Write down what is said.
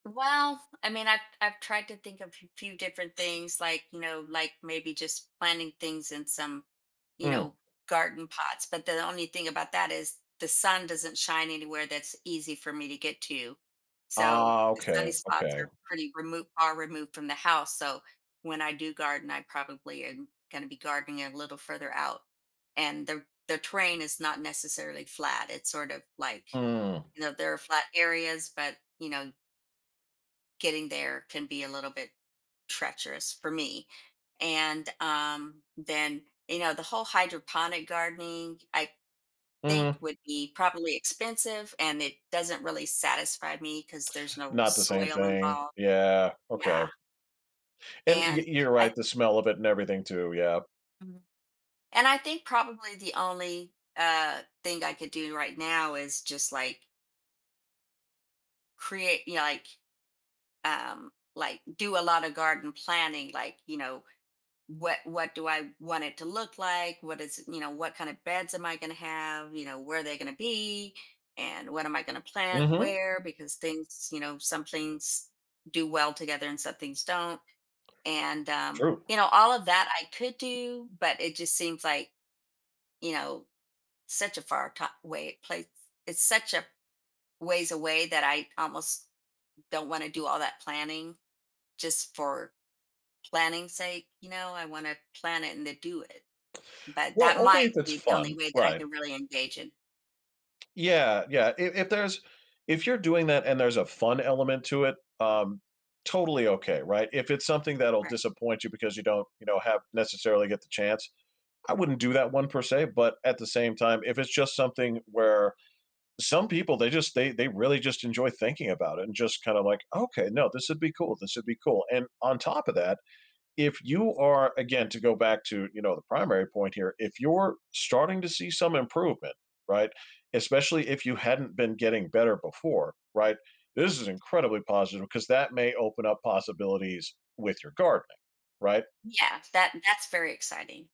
Well, I mean, I've I've tried to think of a f few different things, like, you know, like maybe just planting things in some, you Hmm. know, garden pots, but the only thing about that is the sun doesn't shine anywhere that's easy for me to get to. So, Oh, the sunny okay, spots okay. are pretty removed are removed from the house, so when I do garden, I probably am gonna be gardening a little further out. And the the terrain is not necessarily flat, it's sort of like Hmm. you know, there are flat areas, but, you know getting there can be a little bit treacherous for me, and, um, then, you know, the whole hydroponic gardening, I Hmm. think, would be probably expensive, and it doesn't really satisfy me 'cause there's no Not the same soil thing. involved. Yeah, okay. Yeah. And you're And you're I right, the smell of it and everything too, yep. Mhm. And I think probably the only, uh, thing I could do right now is just like create you know, like, um, like, do a lotta garden planning, like, you know, "What what do I want it to look like? What is you know, what kind of beds am I going to have, you know, where are they going to be? And what am I going to plant Mhm. where?" Because things you know, some things do well together and some things don't. And, um, True. you know, all of that I could do, but it just seems like, you know, such a far top way place. It's such a ways away that I almost don't want to do all that planning just for planning sake, you know, I want to plan it and then do it. But Well, that only might if it's be the fun. only way that I Right. can really engage in. Yeah, yeah. If if there's if you're doing that and there's a fun element to it, um, totally okay, right? If it's something that'll Right. disappoint you because you don't, you know, have necessarily get the chance, I wouldn't do that one per se, but at the same time, if it's just something where some people they just they they really just enjoy thinking about it and just kind of like, "Okay, no, this would be cool. This would be cool." And on top of that, if you are again to go back to, you know, the primary point here, if you're starting to see some improvement, right? Especially if you hadn't been getting better before, right? This is incredibly positive 'cause that may open up possibilities with your gardening, right? Yeah, that that's very exciting.